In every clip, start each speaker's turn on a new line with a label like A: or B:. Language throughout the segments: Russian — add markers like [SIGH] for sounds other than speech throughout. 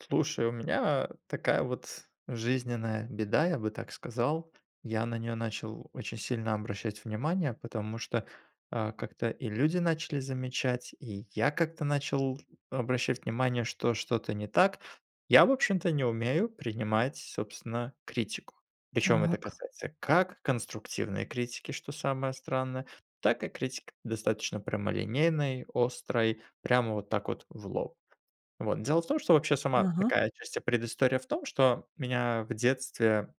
A: Слушай, у меня такая вот жизненная беда, я бы так сказал. Я на неё начал очень сильно обращать внимание, потому что, а, как-то и люди начали замечать, и я как-то начал обращать внимание, что что-то не так. Я, в общем-то, не умею принимать собственно критику. Причём это
B: Так.
A: касается как конструктивной критики, что самое странное, так и критика достаточно прямолинейной, острой, прямо вот так вот в лоб. Вот, дело в том, что вообще сама
B: Ага.
A: такая отчасти предыстория в том, что меня в детстве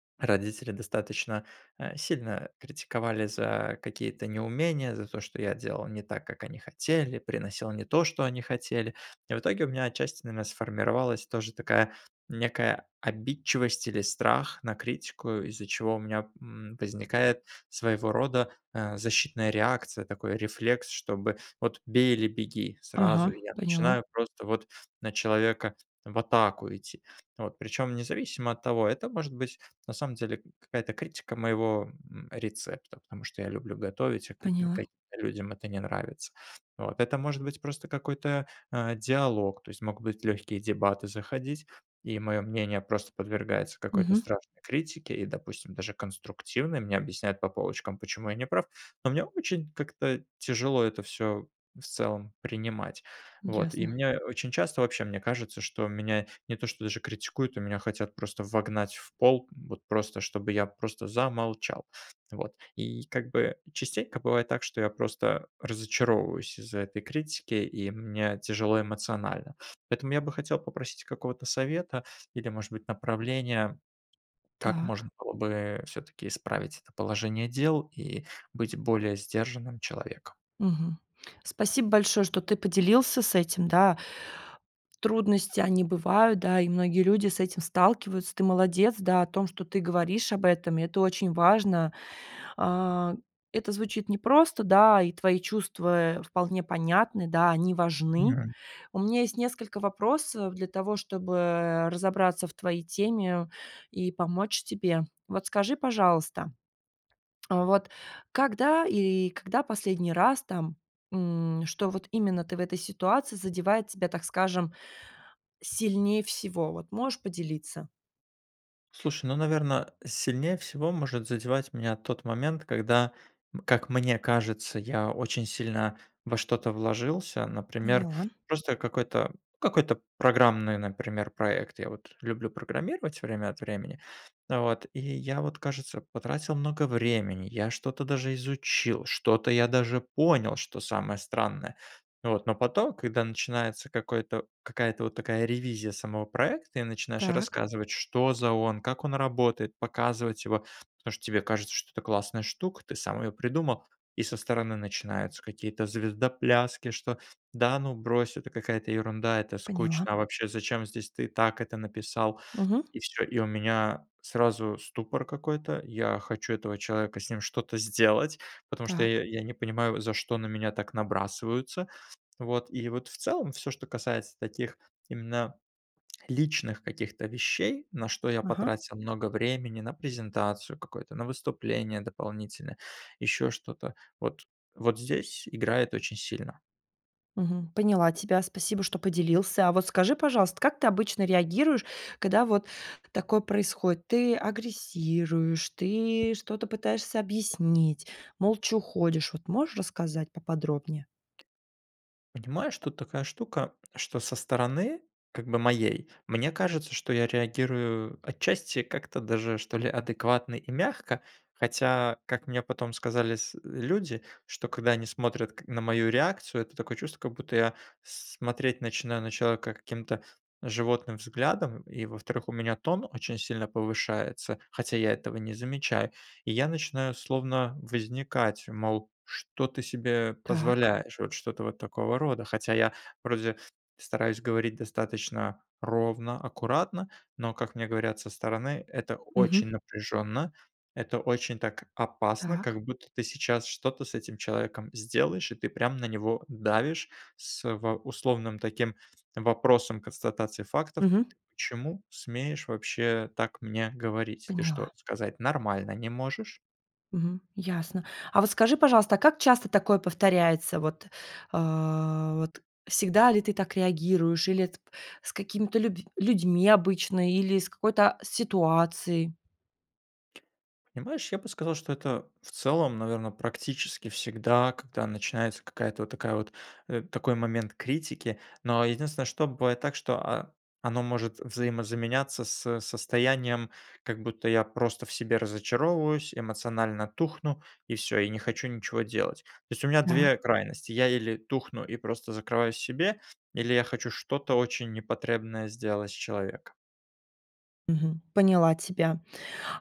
A: [SWALLOWS] родители достаточно, э, сильно критиковали за какие-то неумения, за то, что я делал не так, как они хотели, приносил не то, что они хотели. И в итоге, у меня отчасти, наверно, сформировалась тоже такая некая обидчивость или страх на критику, из-за чего у меня, м, возникает своего рода, э, защитная реакция, такой рефлекс, чтобы вот бей или беги сразу.
B: Ага,
A: И я
B: поняла.
A: начинаю просто вот на человека в атаку идти. Вот, причем независимо от того, это может быть на самом деле какая-то критика моего, м, рецепта, потому что я люблю готовить, а как мне,
B: Поняла.
A: каким-то людям это не нравится. Вот, это может быть просто какой-то, э, диалог, то есть могут быть легкие дебаты заходить, и моё мнение просто подвергается какой-то
B: Мгм.
A: страшной критике, и, допустим, даже конструктивной. Мне объясняют по полочкам, почему я не прав, но мне очень как-то тяжело это всё в целом принимать. Вот, и
B: Ясно.
A: мне очень часто вообще мне кажется, что меня не то что даже критикуют, но меня хотят просто вогнать в пол, вот просто чтобы я просто замолчал, вот. И как бы частенько бывает так, что я просто разочаровываюсь из-за этой критики, и мне тяжело эмоционально. Поэтому я бы хотел попросить какого-то совета или, может быть, направления, как можно
B: Так.
A: было бы все-таки исправить это положение дел и быть более сдержанным человеком.
B: Мгм, спасибо большое, что ты поделился с этим, да. Трудности, они бывают, да, и многие люди с этим сталкиваются. Ты молодец, да, о том, что ты говоришь об этом, это очень важно. А, это звучит непросто, да, и твои чувства, э, вполне понятны, да, они важны.
A: [UNINTELLIGIBLE]
B: У меня есть несколько вопросов для того, чтобы разобраться в твоей теме и помочь тебе. Вот скажи, пожалуйста, [SWALLOWS] вот когда или когда последний раз там, м, что вот именно ты в этой ситуации задевает тебя, так скажем, сильнее всего, вот? Можешь поделиться?
A: Слушай, ну, наверно, сильнее всего может задевать меня тот момент, когда, как мне кажется, я очень сильно во что-то вложился, например,
B: Поняла.
A: просто какой-то какой-то программный, например, проект. Я вот люблю программировать время от времени, вот, и я вот, кажется, потратил много времени, я что-то даже изучил, что-то я даже понял, что самое странное, вот. Но потом, когда начинается какой-то какая-то вот такая ревизия самого проекта и начинаешь
B: Так.
A: рассказывать, что за он, как он работает, показывать его, потому что тебе кажется, что это классная штука, ты сам ее придумал, и со стороны начинаются какие-то звездопляски, что: "Да ну, брось, это какая-то ерунда, это
B: Поняла.
A: скучно вообще, зачем здесь ты и так это написал",
B: Мгм.
A: и всё. И у меня сразу ступор какой-то, я хочу этого человека, с ним что-то сделать, потому что
B: Так.
A: я я не понимаю, за что на меня так набрасываются, вот. И вот, в целом, всё, что касается таких именно личных каких-то вещей, на что я
B: Ага.
A: потратил много времени: на презентацию какую-то, на выступление дополнительное, ещё что-то- вот вот здесь играет очень сильно.
B: Мгм. Поняла тебя. Спасибо, что поделился. А вот скажи, пожалуйста, как ты обычно реагируешь, когда вот такое происходит? Ты агрессируешь, ты что-то пытаешься объяснить, молча уходишь? Вот можешь рассказать поподробнее?
A: Понимаешь, тут такая штука, что со стороны как бы моей, мне кажется, что я реагирую отчасти как-то даже, что ли, адекватно и мягко, хотя, как мне потом сказали с э, люди, что, когда они смотрят к на мою реакцию, это такое чувство, как будто я с смотреть начинаю на человека каким-то животным взглядом. И, во-вторых, у меня тон очень сильно повышается, хотя я этого не замечаю, и я начинаю словно возникать, мол: "Что ты себе
B: Так.
A: позволяешь?" Вот что-то вот такого рода. Хотя я вроде стараюсь говорить достаточно ровно, аккуратно. Но, как мне говорят со стороны, это очень
B: Мгм.
A: напряжённо, это очень так опасно,
B: Так.
A: как будто ты сейчас что-то с этим человеком сделаешь. И ты прям на него давишь с во условным таким вопросом, констатацией фактов:
B: Мгм.
A: "Ты почему смеешь вообще так мне говорить? Ты что,
B: Поняла.
A: сказать нормально не можешь?"
B: Мгм. Ясно, а вот скажи, пожалуйста, а как часто такое повторяется? Вот, э, вот, всегда ли ты так реагируешь или, э, тп с какими-то люб людьми обычно или с какой-то, а, ситуацией?
A: Понимаешь, я бы сказал, что это, в целом, наверно, практически всегда, когда начинается какая-то, вот такая вот, э, такой момент критики, но единственное, что бывает так, что, а, оно может взаимозаменяться с состоянием, как будто я просто в себе разочаровываюсь, эмоционально тухну и всё, и не хочу ничего делать. То есть у меня
B: Так.
A: 2 крайности: я или тухну и просто закрываюсь в себе или я хочу что-то очень непотребное сделать с человеком.
B: Мгм, поняла тебя.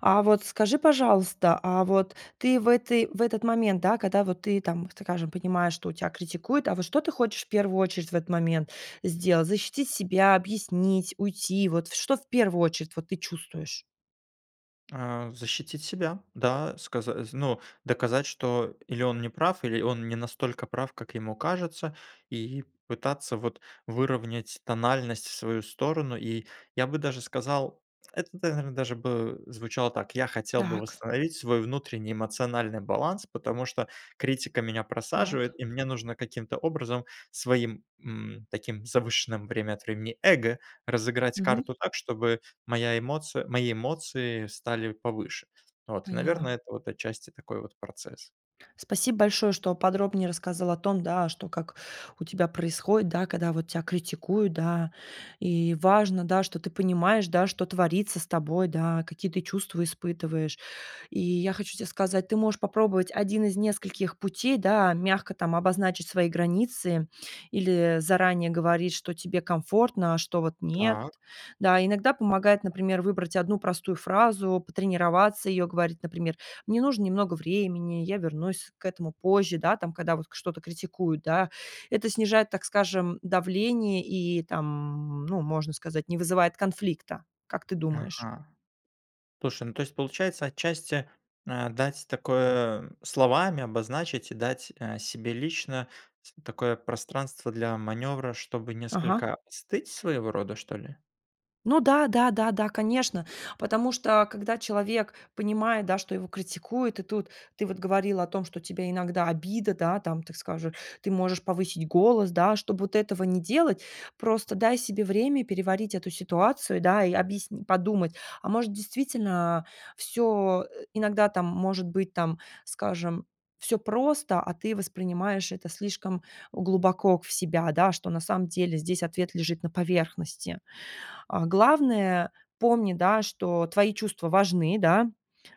B: А вот скажи, пожалуйста, а вот ты в этой в этот момент, да, когда вот ты там, скажем, понимаешь, что тебя критикуют, а вот что ты хочешь в первую очередь в этот момент сделать: защитить себя, объяснить, уйти? Вот в что в первую очередь, вот, ты чувствуешь?
A: Э, защитить себя. Да, сказаз ну, доказать, что или он не прав, или он не настолько прав, как ему кажется, и пытаться вот выровнять тональность в свою сторону, и я бы даже сказал это тогда, наверно, даже бы звучало так: "Я хотел бы
B: Так.
A: восстановить свой внутренний эмоциональный баланс, потому что критика меня просаживает,
B: Так.
A: и мне нужно каким-то образом своим, м, таким завышенным время от времени, эго разыграть
B: Мгм.
A: карту так, чтобы моя эмоция мои эмоции стали повыше". Вот,
B: Поняла.
A: наверное, это, вот отчасти такой вот процесс.
B: Спасибо большое, что подробнее рассказал о том, да, что как у тебя происходит, да, когда вот тя критикуют, да, и важно, да, что ты понимаешь, да, что творится с тобой, да, какие ты чувства испытываешь. И я хочу тебе сказать, ты можешь попробовать 1 из нескольких путей, да, мягко там обозначить свои границы или заранее говорить, что тебе комфортно, а что вот нет,
A: Так.
B: да. Иногда помогает, например, выбрать 1 простую фразу, потренироваться её говорить, например: "Мне нужно немного времени, я вернусь к этому позже", да, там, когда вот к что-то критикуют, да. Это снижает, так скажем, давление и, там, ну, можно сказать, не вызывает конфликта. Как ты думаешь?
A: Ага. Слушай, ну то есть получается, отчасти, э, дать такое словами обозначить и дать, э, себе лично с такое пространство для маневра, чтобы
B: Ага.
A: несколько остыть своего рода, что ли?
B: Ну да да да да, конечно, потому что, когда человек понимает, да, что его критикуют, и тут ты вот говорила о том, что тебе иногда обида, да, там, так скажу, ты можешь повысить голос, да. Чтоб вот этого не делать, просто дай себе время переварить эту ситуацию, да. И объясни подумать: а может, действительно, всё, э, иногда там может быть, там, скажем, всё просто, а ты воспринимаешь это слишком глубоко в себя, да, что на самом деле здесь ответ лежит на поверхности. А, главное, помни, да, что твои чувства важны, да.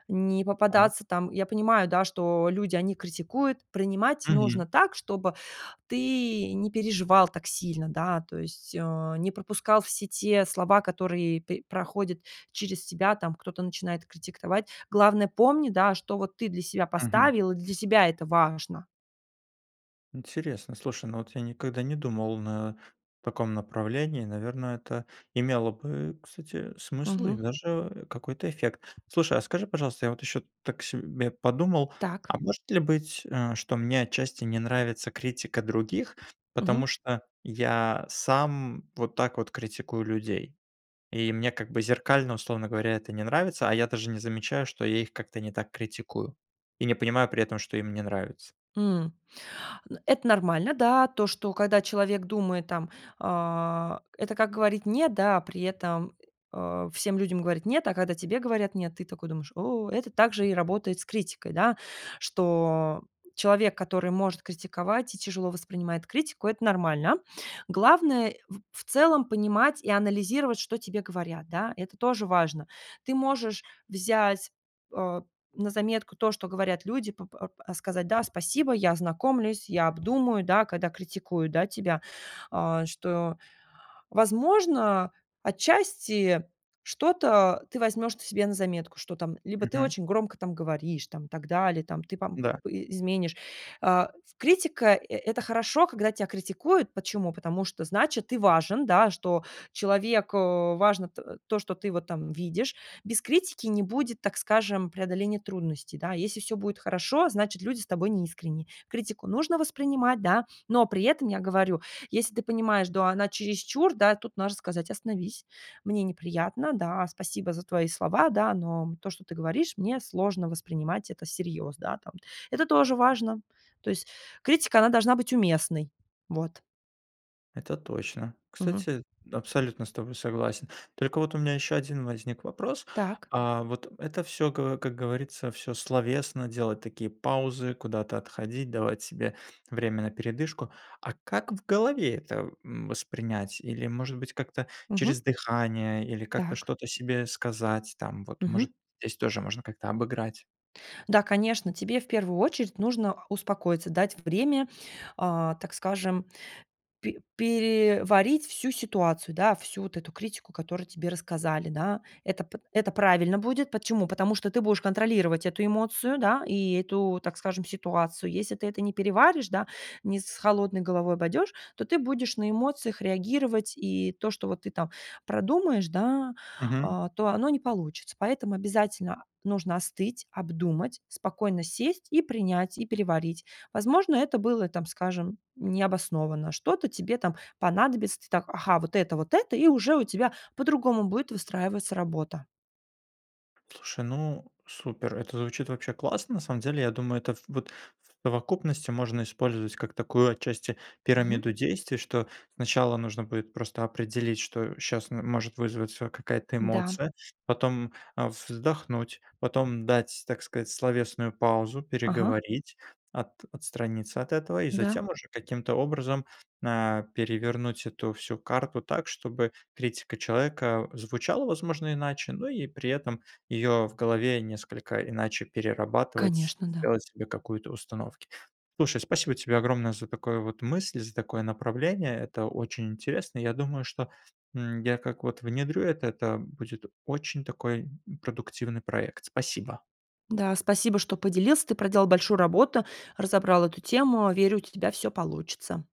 B: Не
A: Так.
B: попадаться там Я понимаю, да, что люди, они критикуют. Принимать нужно
A: Мгм.
B: так, чтобы ты не переживал так сильно, да, то есть, а, не пропускал все те слова, которые пе проходят через тебя, там кто-то начинает критиковать. Главное помни, да, что вот ты для себя
A: Мгм.
B: поставил, и для себя это важно.
A: Интересно, слушай. Но вот я никогда не думал, на таком направлении, наверное, это имело бы, кстати, смысл и
B: Мгм.
A: даже какой-то эффект. Слушай, а скажи, пожалуйста, я вот ещё тут так себе подумал:
B: Так.
A: а может ли быть, э, что мне отчасти не нравится критика других, потому
B: Мгм.
A: что я сам вот так вот критикую людей, и мне как бы зеркально, условно говоря, это не нравится? А я даже не замечаю, что я их как-то не так критикую и не понимаю при этом, что им не нравится.
B: М,, это нормально, да. То, что когда человек думает, там, э, это как говорить "нет", да, а при этом, о всем людям говорить "нет", а когда тебе говорят "нет", ты такой думаешь: о. Это также и работает с критикой, да. Что человек, который может критиковать и тяжело воспринимает критику- это нормально. Главное эу в в целом понимать и анализировать, что тебе говорят, да. Это тоже важно. Ты можешь взять, о на заметку то, что говорят люди, п п ар а сказать: "Да, спасибо, я ознакомлюсь, я обдумаю", да, когда критикуют, да, тебя. А, что, возможно, отчасти что-то ты возьмешь т себе на заметку, что там либо ты
A: Мгм.
B: очень громко там говоришь, там и так далее там. Ты пом
A: Да.
B: и изменишь. А, критика- э это хорошо, когда тебя критикуют. Почему? Потому что значит ты важен, да, что человек, а, важно т то, что ты вот там видишь. Без критики не будет, так скажем, преодоления трудностей, да. Если всё будет хорошо, значит люди с тобой не искренни. Критику нужно воспринимать, да, но при этом, я говорю, если ты понимаешь, до она чересчур, да, тут можно сказать: "Остановись, мне неприятно. Да, спасибо за твои слова, да, но то, что ты говоришь, мне сложно воспринимать это всерьез", да, там. Это тоже важно. То есть критика, она должна быть уместной. Вот.
A: Это точно.
B: Мгм.
A: Кстати, абсолютно с тобой согласен. Только вот у меня ещё 1 возник вопрос.
B: Так.
A: А, вот это всё, ка как говорится, всё словесно, делать такие паузы, куда-то отходить, давать себе [SNIFFS] время на передышку. А как в голове это, м, воспринять? Или, может быть, как-то через
B: Мгм.
A: дыхание или как-то
B: Так.
A: что-то себе сказать? Там вот, может,
B: Мгм.
A: здесь тоже можно как-то обыграть?
B: Да, конечно, тебе в первую очередь нужно успокоиться. Дать время, а, так скажем, пе переварить всю ситуацию, да, всю вот эту критику, которую тебе рассказали, да. Это п это правильно будет. Почему? Потому что ты будешь контролировать эту эмоцию, да, и эту, так скажем, ситуацию. Если ты это не переваришь, да, не с холодной головой пойдёшь, то ты будешь на эмоциях реагировать и то, что вот ты там продумаешь, да,
A: Мгм.
B: а, то оно не получится. Поэтому обязательно, а, нужно остыть, обдумать, спокойно сесть и принять, и переварить. Возможно, это было, и там, скажем, необоснованно, что-то тебе там понадобится, ты там: "Ага, вот это вот это", и уже у тебя по-другому будет выстраиваться работа.
A: Слушай, ну, супер! Это звучит вообще классно. На самом деле, я думаю, это ф вот в совокупности можно использовать как такую, отчасти,
B: Мгм.
A: пирамиду действий. Что сначала нужно будет просто определить, что щас м может вызваться какая-то
B: Да.
A: эмоция, потом, э, вздохнуть, потом дать, так сказать, словесную паузу,
B: Ага.
A: переговорить, ат отстраниться от этого и
B: Да.
A: затем уже каким-то образом, а, перевернуть эту всю карту так, чтобы критика человека звучала, возможно, иначе, но и при этом её в голове несколько иначе перерабатывать,
B: Конечно, да.
A: делать себе какую-то установки. Слушай, спасибо тебе огромное за такое вот мысль, за такое направление. Это очень интересно. Я думаю, что, м, я, как вот внедрю этот, а, будет очень такой, м, продуктивный проект. Спасибо.
B: Да, спасибо, что поделился. Ты проделал большую работу, разобрал эту тему. Верю, у те тебя всё получится.